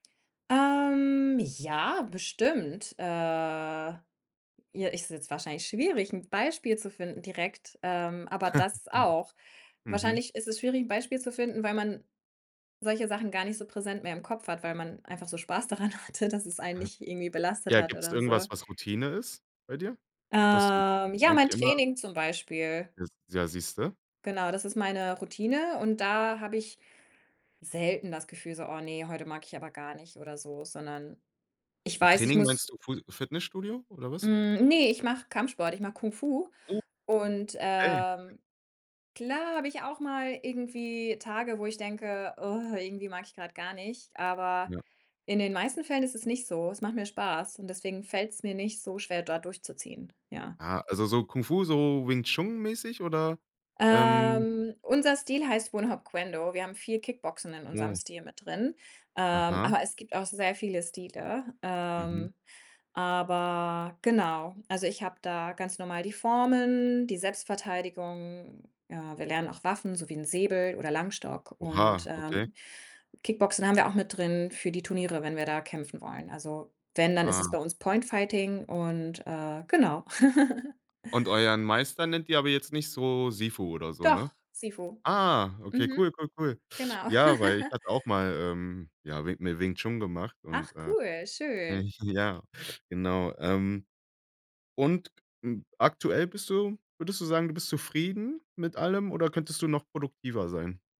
Ähm, ja, bestimmt. Äh, ja, ist jetzt wahrscheinlich schwierig, 'n Beispiel zu finden direkt, ähm, aber das auch. Mhm. Wahrscheinlich ist es schwierig, 'n Beispiel zu finden, weil man solche Sachen gar nicht so präsent mehr im Kopf hat, weil man einfach so Spaß daran hatte, dass es einen Aha. nicht irgendwie belastet Ja, hat gibt's oder so. irgendwas, was Routine ist bei dir? Was du Ähm, ja, eigentlich mein immer Training zum Beispiel. Das ja, siehst du? Genau, das ist meine Routine und da habe ich selten das Gefühl so: „Oh ne, heute mag ich aber gar nicht“, oder so, sondern ich Mit weiß, ich Training muss meinst du Fu Fitnessstudio oder was? Hm, ne, ich mache Kampfsport, ich mache Kung Fu Oh. und, Ey. ähm, klar habe ich auch mal irgendwie Tage, wo ich denke: „Irgendwie mag ich grad gar nicht,“ aber Ja. in den meisten Fällen ist es nicht so. Es macht mir Spaß und deswegen fällt es mir nicht so schwer, dort durchzuziehen, ja. Ah, also, so Kung Fu, so Wing Chun-mäßig oder, ähm Ähm, unser Stil heißt Wun Hop Kuen Do. Wir haben viel Kickboxen in unserem Oh. Stil mit drin, ähm, Aha. aber es gibt auch sehr viele Stile, Mhm. ähm, aber genau. Also, ich habe da ganz normal die Formen, die Selbstverteidigung. Ja, wir lernen auch Waffen, so wie 'n Säbel oder Langstock und, Oha, okay. ähm, Kickboxen haben wir auch mit drin für die Turniere, wenn wir da kämpfen wollen. Also, wenn, dann ist es Ah. bei uns Point Fighting und, äh, genau. Und euren Meister nennt ihr aber jetzt nicht so Sifu oder so, ne? Doch, Sifu. Ah, okay, Mhm. cool, cool, cool. Genau. Ja, weil ich hatte auch mal, ähm, ja, Wing Mi Wing Chun gemacht und, Ach äh, cool, äh, schön. ich ja, genau, ähm, und, hm, aktuell bist du würdest du sagen, du bist zufrieden mit allem oder könntest du noch produktiver sein?